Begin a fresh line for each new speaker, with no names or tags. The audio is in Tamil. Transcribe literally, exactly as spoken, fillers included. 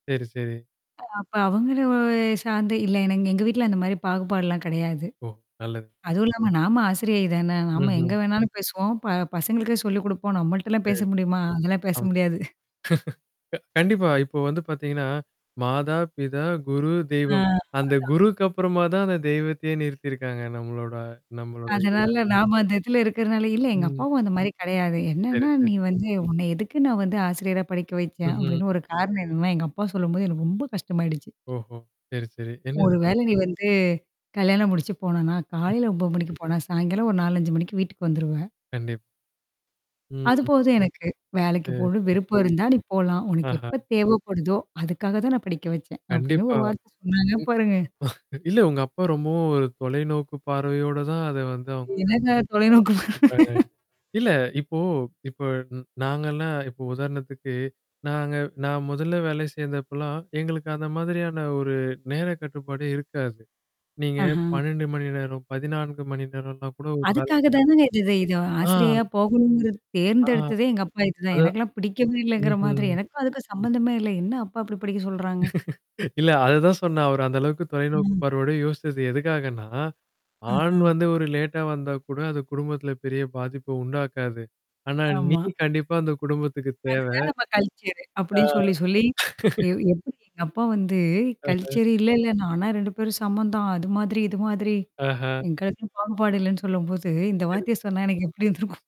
சரி, சரி.
அ அப்ப அவங்கள சார்ந்த இல்ல எனக்கு எங்க வீட்ல அந்த மாரி பாகுபாடுலாம் கிடையாது.
ஓ! நல்லது.
அதுவும் இல்லாம நாம ஆசிரியை தான. நாம
ம்ஹ்ம்.
எங்க வேணாலும் பேசுவோம். ப பசங்களுக்கே சொல்லிக் குடுப்போம். நம்மள்ட்டலாம் பேச
செரி.
முடியுமா? அதெல்லாம் பேச
ஆமா
முடியாது.
அ க கண்டிப்பா. இப்போ வந்து பார்த்தீங்கன்னா, மாதா, பிதா, குரு,
ஆ.
தெய்வம்.
அதா
அந்த குருக்கு அப்புறமா தான் அந்த தெய்வத்தையே நிறுத்திருக்காங்க நம்மளோட, நம்மளோட இதுல.
அதனால நாம அந்த இத்துல இருக்கிறதுனால இல்ல எங்க
ம்.
அப்பாவும் அந்த மாரி கிடையாது.
சரி,
என்னன்னா
சரி.
நீ வந்து உன்ன எதுக்கு நான் வந்து ஆசிரியரா படிக்க வச்சேன்
ம்ஹ்ம்.
அப்படின்னு ஒரு காரணம் என்னன்னா, எங்க அப்பா சொல்லும்போது எனக்கு ரொம்ப கஷ்டமாயிடுச்சு.
ஓஹோ! சரி, சரி
ஒரு
என்னன்ன?
வேலை நீ வந்து கல்யாணம் முடிச்சு போனேனா நான்
ம்.
காலையில மணிக்கு போனே சாய்ங்காலம் ஒரு நாலு, அஞ்சு மணிக்கு வீட்டுக்கு வந்துருவ.
கண்டிப். ம். ம்.
அதுபோதும் எனக்கு வேலைக்கு
சரி,
போனும்னு
சரி.
விருப்பம் இருந்தா நீ போலாம். உனக்கு எப்ப
ஆஹ.
தேவைப்படுதோ, அதுக்காக தான் நான் படிக்க வச்சேன். அப்படின்னு
கண்டிப்பா.
ஒரு வார்த்தை
ம்
சொன்னாங்க பாருங்க.
இல்ல உங்க அப்பா ரொம்பவும் ஒரு தொலைநோக்கு பார்வையோட தான் அத வந்து அவங்க
என்னன்னா தொலைநோக்கு
[unintelligible] குடுக்குறாங்க. இல்ல இப்போ இப்ப நாங்கலாம் இப்போ உதாரணத்துக்கு நாங்க நான் முதல்ல வேலைக்கு சேந்தப்பலாம் எங்களுக்கு அந்த மாதிரியான ஒரு நேர கட்டுப்பாடே இருக்காது. நீங்க
ஆஹ.
பன்னெண்டு மணி நேரம், பதினான்கு மணி நேரம்லாம் கூட ஒரு வேல
அதுக்காக
செய்ய
தானங்க இது இத
ஆ
ஆசிரியையா போகணுங்கறத
ஆ.
தேர்ந்தெடுத்ததே எங்க அப்பா இதுதான்.
அத
எனக்கெல்லாம் பிடிக்கவே இல்லங்கிற
ம்ஹ்ம்.
மாதிரி. எனக்கும் அதுக்கும் சம்மந்தமே இல்ல. என்ன அப்பா இப்படி படிக்க சொல்றாங்க?
இல்ல அததான் சொன்னேன். அவரு அந்த அளவுக்கு தொலைநோக்கு
ம்.
பார்வையோட யோசிச்சது எதுக்காகன்னா ஆண்
அஹ்.
வந்து ஒரு லேட்டா வந்தா கூட அது குடும்பத்தில பெரிய பாதிப்ப உண்டாக்காது. ஆனா நீ
ஆமா.
கண்டிப்பா அந்த குடும்பத்துக்கு தேவ.
அதுதான் நம்ம கல்ச்சரு.
ஆ
அப்டின்னு சொல்லி, சொல்லி. எ எப்படி எங்க அப்பா வந்து
அஹ்.
கல்ச்சரு இல்லல்ல. ஆனா ரெண்டு பேரும் சமம் தான். அது மாதிரி இது மாதிரி.
ஆஹ.
எங்களுக்கு பாகுபாடு இல்லன்னு சொல்லும்போது இந்த
சரி.
வார்த்தைய சொன்னா எனக்கு எப்படி இருந்திருக்கும்?